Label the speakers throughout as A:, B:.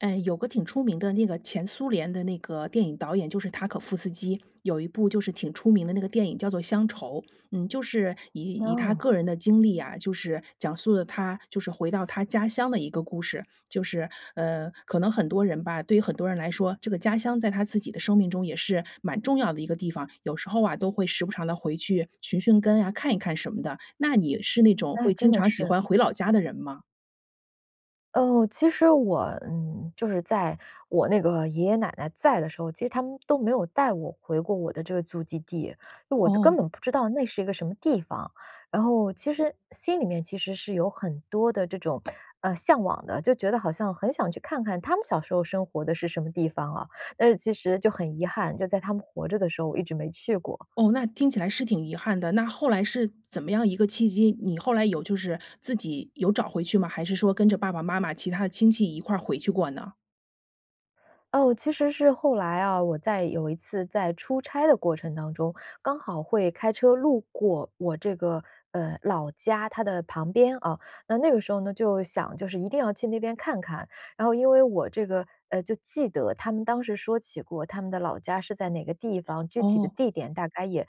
A: 呃，有个挺出名的那个前苏联的那个电影导演就是塔可夫斯基，有一部就是挺出名的那个电影叫做乡愁，嗯，就是以以他
B: 哦。
A: 个人的经历啊，就是讲述了他就是回到他家乡的一个故事。就是，呃，可能很多人吧，对于很多人来说，这个家乡在他自己的生命中也是蛮重要的一个地方，有时候啊，都会时不常地回去寻寻根啊，看一看什么的，那你是那种
B: 哎，
A: 会经
B: 真的
A: 常喜
B: 是。
A: 欢回老家的人吗？
B: 哦，其实我，嗯，就是在我那个爷爷奶奶在的时候，其实他们都没有带我回过我的这个祖籍地，因为我都
A: 哦。
B: 根本不知道那是一个什么地方，然后其实心里面其实是有很多的这种，呃，向往的，就觉得好像很想去看看他们小时候生活的是什么地方啊，但是其实就很遗憾，就在他们活着的时候，我一直没去过。
A: 哦，那听起来是挺遗憾的。那后来是怎么样一个契机，你后来有就是，自己有找回去吗？还是说跟着爸爸妈妈其他的亲戚一块回去过呢？
B: 哦，其实是后来啊，我在有一次在出差的过程当中，刚好会开车路过我这个，呃，老家它的旁边啊，那那个时候呢，就想就是一定要去那边看看。然后因为我这个，呃，就记得他们当时说起过他们的老家是在哪个地方，具体的
A: 哦。
B: 地点大概也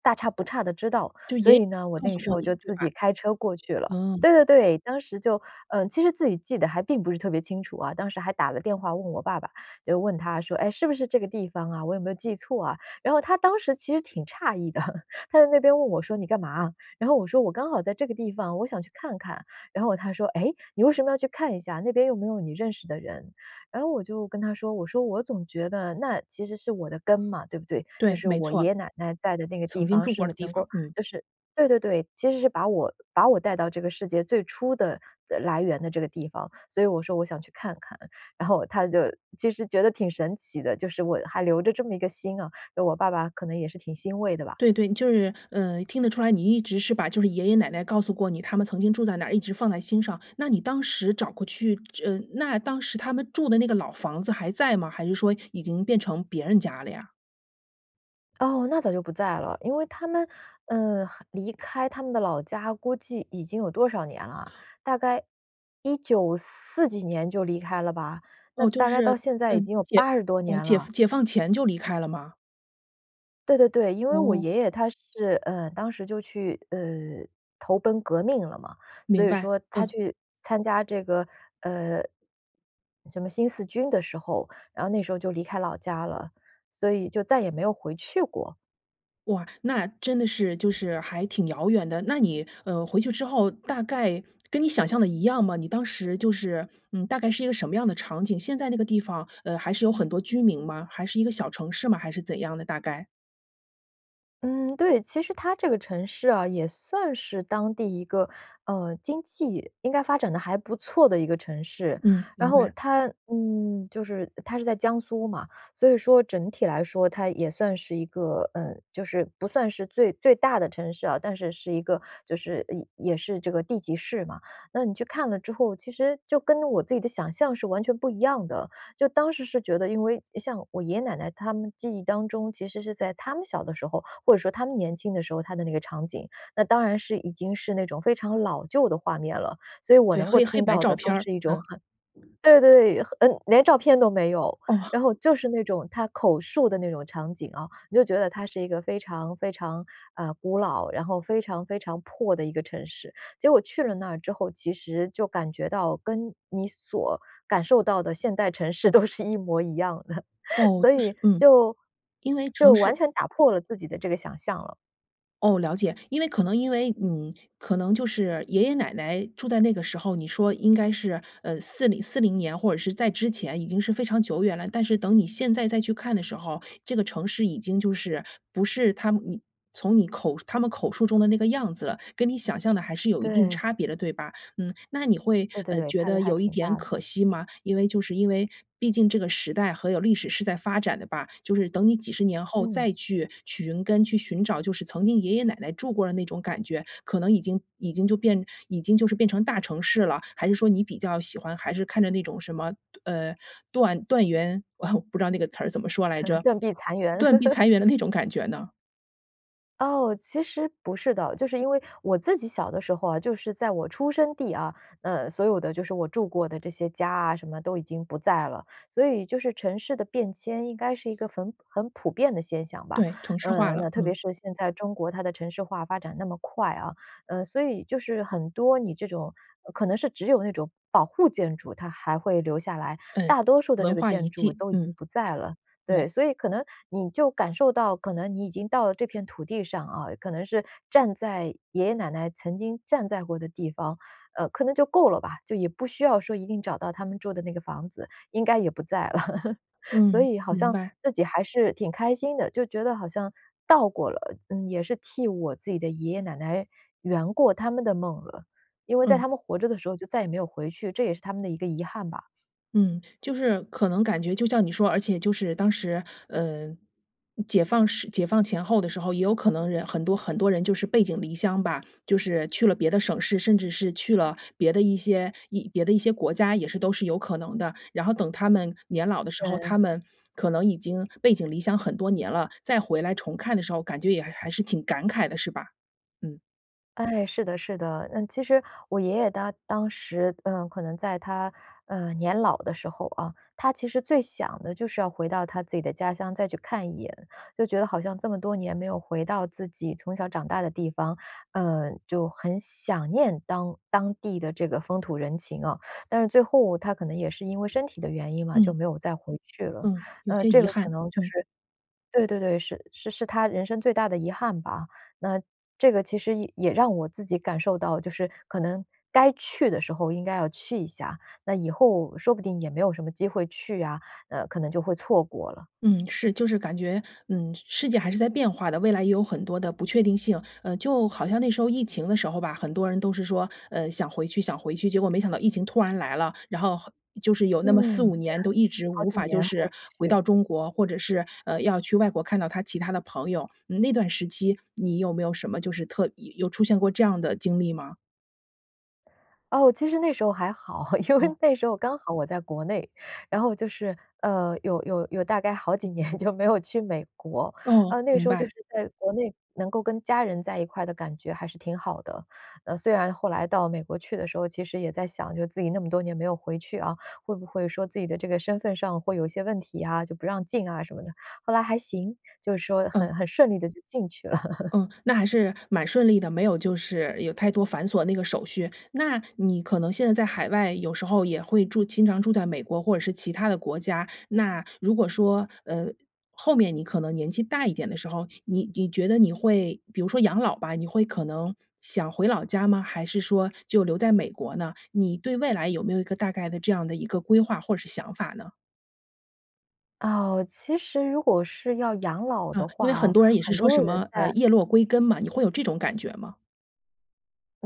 B: 大差不差地知道。
A: 就
B: 所
A: 爷爷
B: 以呢，我
A: 告
B: 那
A: 诉
B: 时
A: 过
B: 候
A: 你，
B: 就
A: 对
B: 自
A: 吧？
B: 己开车过去了。
A: 嗯。
B: 对对对，当时就，呃，其实自己记得还并不是特别清楚啊，当时还打了电话问我爸爸，就问他说：“哎，是不是这个地方啊，我有没有记错啊？“然后他当时其实挺诧异的。他在那边问我说：“你干嘛啊？”然后我说：“我刚好在这个地方，我想去看看。“然后哦他说：”诶？你为什么要去看一下，那边又没有你认识的人。“然后我就跟他说，我说：“我总觉得那其实是我的根嘛，对不对？就
A: 对，
B: 是
A: 没
B: 我
A: 错。
B: 爷爷奶奶待的那个地
A: 曾经
B: 方
A: 住
B: 是
A: 过的地
B: 能够，
A: 方，嗯。
B: 就是“对对对。其实是把我把我带到这个世界最初的的来源的这个地方，所以我说：“我想去看看。”然后他就其实觉得挺神奇的，就是我还留着这么一个心啊，就我爸爸可能也是挺欣慰的吧。
A: 对，对。就是，呃，听得出来，你一直是把就是爷爷奶奶告诉过你，他们曾经住在哪一直放在心上。那你当时找过去这呃，那当时他们住的那个老房子还在吗？还是说已经变成别人家了呀？
B: 哦，那早就不在了。因为他们，呃，很离开他们的老家估计已经有多少年啦？大概194几年就离开了吧，那
A: 哦，就
B: 大概到
A: 是，
B: 现在已
A: 嗯，
B: 经有
A: 解
B: 80多
A: 哦，
B: 年
A: 解
B: 了。
A: 放解放前就离开了吗？
B: 对对对，因为我
A: 哦。
B: 爷爷他是，呃，当时就去，呃，投奔革命了嘛。所
A: 明
B: 以
A: 白，
B: 说他
A: 嗯。
B: 去参加这个，呃，什么新四军的时候，然后那时候就离开老家了，所以就再也没有回去过。
A: 哇，那真的是就是还挺遥远的。那你，呃，回去之后大概跟你想象的一样吗？你当时就是，嗯，大概是一个什么样的场景，现在那个地方，呃，还是有很多居民吗？还是一个小城市吗？还是怎样的大概。
B: 嗯，对。其实它这个城市啊，也算是当地一个，呃，经济应该发展得还不错的一个城市。
A: 嗯，
B: 然
A: 明
B: 后
A: 白。
B: 它，嗯，就是它是在江苏嘛，所以说整体来说，它也算是一个，嗯，就是不算是最最大的城市啊，但是是一个就是也也是这个地级市嘛，那你去看了之后，其实就跟我着自己的想象是完全不一样的。就当时是觉得，因为像我爷爷奶奶他们记忆当中，其实是在他们小的时候，或者说他们年轻的时候，它的那个场景，那当然是已经是那种非常老旧的画面了。所以我
A: 对，
B: 能够
A: 黑黑
B: 听
A: 白
B: 到
A: 照
B: 的都
A: 片儿，
B: 是一种
A: 嗯。
B: 很对对，很嗯连照片都没有。然后
A: 哦。
B: 就是那种他口述的那种场景啊，你就觉得它是一个非常，非常，啊，古老，然后非常，非常破的一个城市。结果去了那儿之后，其实就感觉到跟你所感受到的现代城市都是一模一样的。
A: 哦，
B: 所
A: 就
B: 以
A: 是嗯，
B: 就
A: 因为城
B: 就完
A: 市
B: 全打破了自己的这个想象了。
A: 哦，了解。因为可能因为嗯，可能就是爷爷奶奶住在那个时候，你说应该是，呃，4040年或者是在之前已经是非常久远了，但是等你现在再去看的时候，这个城市已经就是不是他们你从你口述他们口述中的那个样子了。跟你想象的还是有一定
B: 对。
A: 差别的对吧？嗯，那你会，
B: 对，对，
A: 呃，
B: 对，
A: 觉
B: 差别
A: 得
B: 还
A: 有一
B: 挺
A: 点
B: 大的。
A: 可惜吗？因为就是因为毕竟这个时代还有历史是在发展的吧，就是等你几十年后
B: 嗯。
A: 再去去寻根去寻找，就是曾经爷爷奶奶住过的那种感觉，可能已经已经就变已经就是变成大城市了。还是说你比较喜欢还是看着那种什么，呃，断断垣 不知道那个词儿怎么说来 着，
B: 断壁残垣。
A: 断壁 残垣的那种感觉呢？
B: 哦，其实不是的。就是因为我自己小的时候啊，就是在我出生地啊，呃，所有的就是我住过的这些家啊什么都已经不在了。所以就是城市的变迁应该是一个很很普遍的现象吧，
A: 对，城市化
B: 呃，
A: 了，
B: 那特别
A: 嗯。
B: 是现在中国它的城市化发展那么快啊，呃，所以就是很多你这种，呃可能是只有那种保护建筑，它还会留下来，
A: 嗯，
B: 大多数的这
A: 文
B: 个
A: 化遗
B: 建筑
A: 迹。
B: 都已经
A: 嗯，
B: 不在了。对，
A: 对。
B: 所以可能你就感受到可能你已经到了这片土地上啊，可能是站在爷爷奶奶曾经站在过的地方，呃，可能就够了吧。就也不需要说一定找到他们住的那个房子，应该也不在了。所
A: 嗯，
B: 以好
A: 明
B: 像
A: 白。
B: 自己还是挺开心的，就觉得好像到过了，嗯，也是替我自己的爷爷奶奶圆过他们的梦了。因为在
A: 嗯。
B: 他们活着的时候，就再也没有回去，这也是他们的一个遗憾吧。
A: 嗯，就是可能感觉就像你说而且就是当时呃，嗯解放时解放前后的时候，也有可能人很多，很多人就是背井离乡吧，就是去了别的省市，甚至是去了别的一些一别的一些国家也是都是有可能的。然后等他们年老的时候，
B: 对。
A: 他们可能已经背井离乡很多年了，再回来重看的时候，感觉也还还是挺感慨的，是吧？嗯。
B: 哎，是的，是的。呃，其实我爷爷他当时，嗯，可能在他，呃，年老的时候哦，他其实最想的就是要回到他自己的家乡再去看一眼。就觉得好像这么多年没有回到自己从小长大的地方，呃，就很想念当当地的这个风土人情哦。但是最后他可能也是因为身体的原因嘛，就
A: 嗯。
B: 没有再回去了。
A: 嗯，有
B: 呃，
A: 些
B: 这
A: 遗
B: 个可
A: 憾，
B: 能就
A: 嗯。
B: 是对，对，对，是是是他人生最大的遗憾吧。那这个其实也也让我自己感受到，就是可能该去的时候应该要去一下，那以后说不定也没有什么机会去啊，呃，可能就会错过了。
A: 嗯，是，就是感觉，嗯，世界还是在变化的，未来也有很多的不确定性。呃，就好像那时候疫情的时候吧，很多人都是说，呃：“想回去，想回去。”结果没想到疫情突然来了，然后，好就是有那么四
B: 嗯，
A: 五
B: 对，
A: 年都一直
B: 好
A: 无
B: 几
A: 法就
B: 年回
A: 是
B: 不
A: 回
B: 去。
A: 到中国，或者是，呃，要去外国看到他其他的朋友。嗯那段时期你有没有什么就是特意有出现过这样的经历吗？
B: 哦，其实那时候还好，因为
A: 哦。
B: 那时候刚好我在国内，然后就是，呃，有有有大概好几年就没有去美国。
A: 哦，
B: 呃，那个
A: 明
B: 时候就
A: 白。
B: 是在国内能够跟家人在一块的感觉还是挺好的。呃，虽然后来到美国去的时候，其实也在想就是自己那么多年没有回去啊，会不会说自己的这个身份上会有一些问题啊，就不让进啊什么的。后来还行，就是说
A: 嗯。
B: 很很顺利地就进去了。
A: 嗯，那还是蛮顺利的，没有就是有太多繁琐那个手续。那你可能现在在海外有时候也会住经常住在美国或者是其他的国家，那如果说，呃后面你可能年纪大一点的时候，你你觉得你会比如说养老吧。你会可能想回老家吗？还是说就留在美国呢？你对未来有没有一个大概的这样的一个规划或者是想法呢？
B: 哦，其实如果是要养老的
A: 啊，因为
B: 话
A: 很
B: 哦，
A: 多人也是
B: 很
A: 说
B: 多
A: 什
B: 人
A: 么呃
B: 在
A: 叶落归根嘛，你会有这种感觉吗？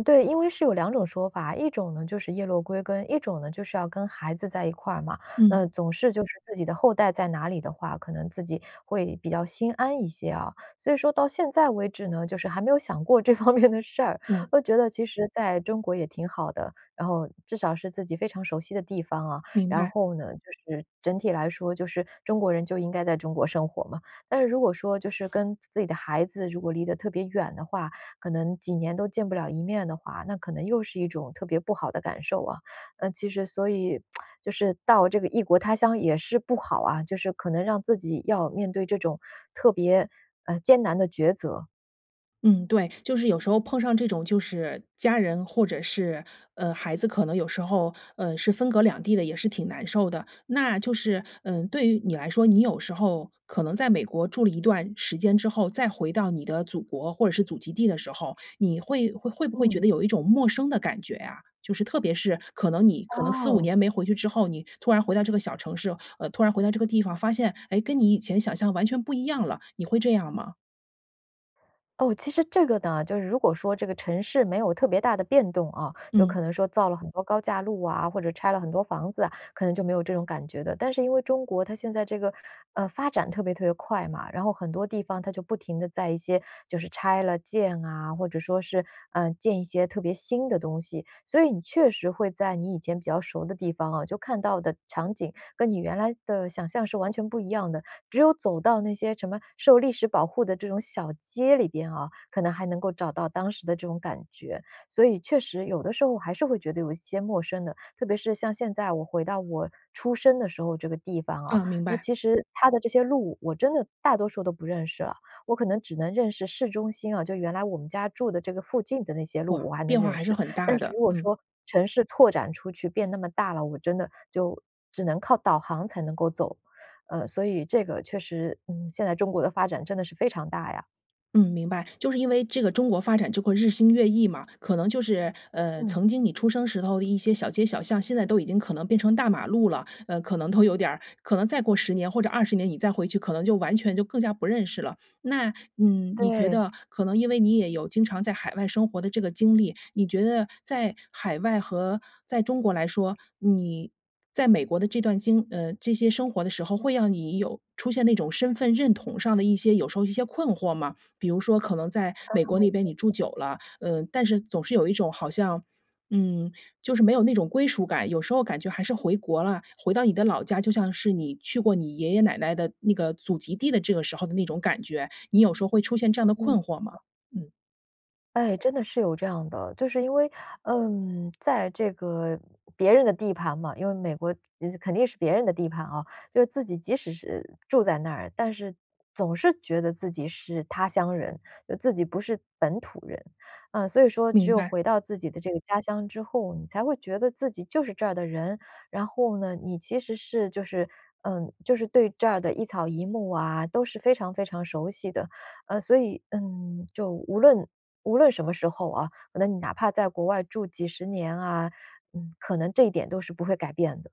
B: 对，因为是有2种说法，一种呢就是叶落归根，一种呢就是要跟孩子在一块儿嘛。那
A: 嗯。
B: 总是就是自己的后代在哪里的话，可能自己会比较心安一些哦。所以说到现在为止呢，就是还没有想过这方面的事儿。
A: 嗯。
B: 我就觉得其实在中国也挺好的，然后至少是自己非常熟悉的地方哦，
A: 明
B: 然
A: 白。
B: 后呢就是整体来说，就是中国人就应该在中国生活嘛。但是如果说就是跟自己的孩子如果离得特别远的话，可能几年都见不了一面的话，那可能又是一种特别不好的感受哦。呃，其实所以 就是到这个异国他乡也是不好啊，就是可能让自己要面对这种特别，呃，艰难的抉择。
A: 嗯，对，就是有时候碰上这种就是家人或者是，呃，孩子可能有时候呃，是分隔两地的，也是挺难受的。那就是，嗯，对于你来说，你有时候可能在美国住了一段时间之后，再回到你的祖国或者是祖籍地的时候，你会会会不会觉
B: 嗯。
A: 得有一种陌生的感觉啊？就是特别是可能你可能4-5
B: 哦。
A: 年没回去之后，你突然回到这个小城市呃，突然回到这个地方，发现，哎，跟你以前想象完全不一样了，你会这样吗？
B: 哦，其实这个呢，就是如果说这个城市没有特别大的变动啊，就
A: 嗯。
B: 可能说造了很多高架路啊，或者拆了很多房子啊，可能就没有这种感觉的。但是因为中国它现在这个呃，发展特别特别快嘛，然后很多地方它就不停地在一些就是拆了建啊，或者说是，呃，建一些特别新的东西。所以你确实会在你以前比较熟的地方啊，就看到的场景跟你原来的想象是完全不一样的，只有走到那些什么受历史保护的这种小街里边啊，可能还能够找到当时的这种感觉。所以确实有的时候还是会觉得有一些陌生的，特别是像现在我回到我出生的时候这个地方啊，
A: 对，明
B: 那
A: 白。
B: 其实，它的这些路，我真的大多数都不认识了，我可能只能认识市中心啊，就原来我们家住的这个附近的那些
A: 哇，
B: 路，我还能
A: 变化
B: 认
A: 还是
B: 识。
A: 很
B: 但
A: 大
B: 是
A: 的，
B: 如果
A: 嗯。
B: 说城市拓展出去变那么大了，我真的就只能靠导航才能够走。呃，所以这个确实，嗯，现在中国的发展真的是非常大呀。
A: 嗯，明白。就是因为这个中国发展就会日新月异嘛，可能就是，呃，
B: 嗯。
A: 曾经你出生时候的一些小街小巷现在都已经可能变成大马路了。呃，可能都有点儿可能再过10年或者20年，你再回去可能就完全就更加不认识了。那，嗯，你觉
B: 对。
A: 得可能因为你也有经常在海外生活的这个经历，你觉得在海外和在中国来说，你，在美国的这段经呃，这些生活的时候，会让你有出现那种身份认同上的一些有时候一些困惑吗？比如说可能在美国
B: 哦，
A: 那边
B: 是
A: 你住
B: 的。
A: 久了，呃，但是总是有一种好像，嗯，就是没有那种归属感，有时候感觉还是回国了，回到你的老家，就像是你去过你爷爷奶奶的那个祖籍地的这个时候的那种感觉。你有时候会出现这样的
B: 嗯。
A: 困惑吗？嗯。
B: 哎，真的是有这样的。就是因为，嗯在这个别人的地盘嘛，因为美国肯定是别人的地盘哦。就是自己即使是住在那儿，但是总是觉得自己是他乡人，就自己不是本土人。啊，所以说只
A: 明
B: 有
A: 白。
B: 回到自己的这个家乡之后，你才会觉得自己就是这儿的人。然后呢，你其实是就是嗯，就是对这儿的一草一木啊，都是非常非常熟悉的。呃，所以，嗯，就无论无论什么时候哦，那你哪怕在国外住几十年啊，嗯，可能这一点都是不会改变的。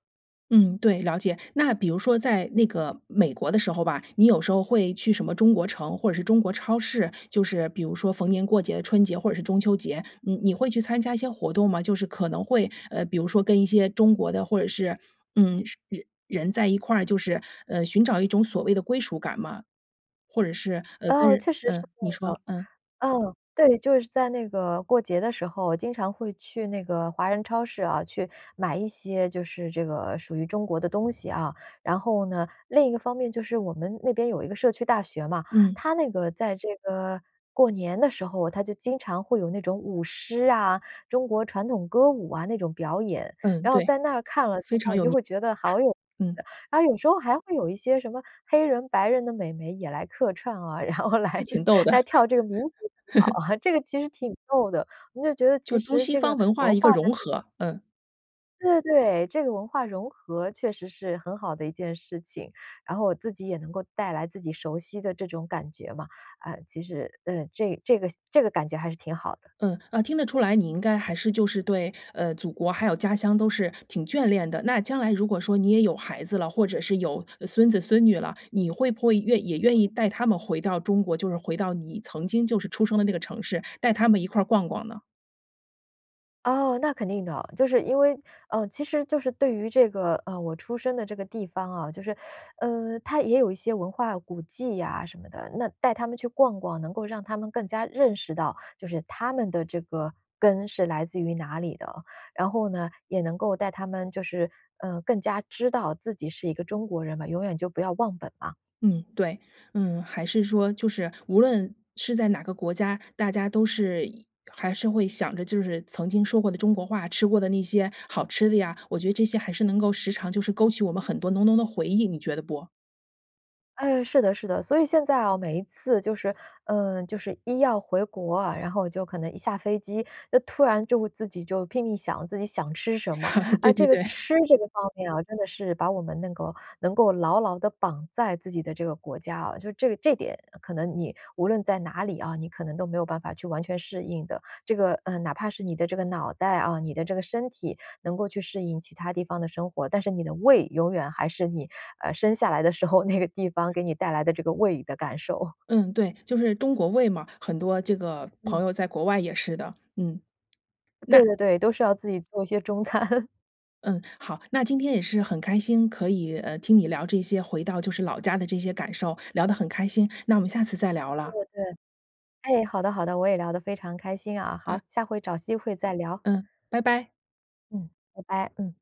A: 嗯，对，了解。那比如说在那个美国的时候吧，你有时候会去什么中国城，或者是中国超市，就是比如说逢年过节、春节或者是中秋节，你你会去参加一些活动吗？就是可能会呃，比如说跟一些中国的，或者是嗯 人在一块儿，就是，呃，寻找一种所谓的归属感吗？或者是呃，
B: 哦，
A: 跟
B: 确实是
A: 呃，
B: 会
A: 你说，
B: 的。
A: 嗯。
B: 嗯，对，就是在那个过节的时候，经常会去那个华人超市啊，去买一些就是这个属于中国的东西哦。然后呢，另一个方面就是我们那边有一个社区大学嘛，
A: 嗯。
B: 它那个在这个过年的时候，它就经常会有那种舞狮啊、中国传统歌舞啊那种表演。
A: 嗯，
B: 然后
A: 对，
B: 在那儿看了之
A: 非常
B: 后，你
A: 有
B: 就
A: 年味
B: 会
A: 儿，
B: 觉得好有，
A: 嗯。
B: 然后有时候还会有一些什么黑人白人的美眉也来客串哦，然后
A: 还
B: 来-
A: 挺逗 的。
B: 来跳这个民族舞蹈，这个其 实挺逗的。你就觉得其
A: 就中
B: 实
A: 西
B: 这个
A: 方文化
B: 文
A: 的一
B: 化
A: 个融
B: 的这个
A: 合，嗯。
B: 对，对，这个文化融合确实是很好的一件事情。然后我自己也能够带来自己熟悉的这种感觉嘛，呃，其实，呃，这这个这个感觉还是挺好的。
A: 嗯，啊听得出来，你应该还是就是对呃祖国，还有家乡都是挺眷恋的。那将来如果说你也有孩子了，或者是有孙子孙女了，你会不会愿也愿意 带他们回到中国，就是回到你曾经就是出生的那个城市，带他们一块儿逛逛呢？
B: 哦，那肯定的，就是因为呃，其实就是对于这个，呃，我出生的这个地方哦，就是 呃，它也有一些文化古迹呀什么的。那带他们去逛逛，能够让他们更加认识到，就是他们的这个根是来自于哪里的。然后呢，也能够带他们就是，呃，更加知道自己是一个中国人嘛，永远就不要忘本嘛。
A: 嗯，对，嗯，还是说就是无论是在哪个国家，大家都是一还是会想着就是曾经说过的中国话，吃过的那些好吃的呀，我觉得这些还是能够时常就是勾起我们很多浓浓的回忆，你觉得不？
B: 哎，是的，是的，所以现在哦，每一次就是，呃，就是一要回国啊，然后就可能一下飞机，就突然就会自己就拼命想自己想吃什么。
A: 对
B: 啊，这
A: 对
B: 个
A: 对。
B: 吃这个方面哦，真的是把我们能够能够牢牢地绑在自己的这个国家哦。就这个这点可能你无论在哪里哦，你可能都没有办法去完全适应的。这个，呃，哪怕是你的这个脑袋啊、你的这个身体能够去适应其它地方的生活，但是你的胃永远还是你，呃，生下来的时候，那个地方给你带来的这个胃里的感受。
A: 嗯，对，就是中国胃嘛，很多这个朋
B: 嗯。
A: 友在国外也是的，嗯，那
B: 对，对，对，都是要自己做一些中餐。
A: 嗯，好，那今天也是很开心可以，呃，听你聊这些回到就是老家的这些感受，聊得很开心，那我们下次再聊
B: 对，
A: 了。
B: 对，哎，好的，好的，我也聊得非常开心啊。
A: 嗯。
B: 好，下回找机会再聊。
A: 嗯，拜拜。
B: 嗯，拜拜，嗯。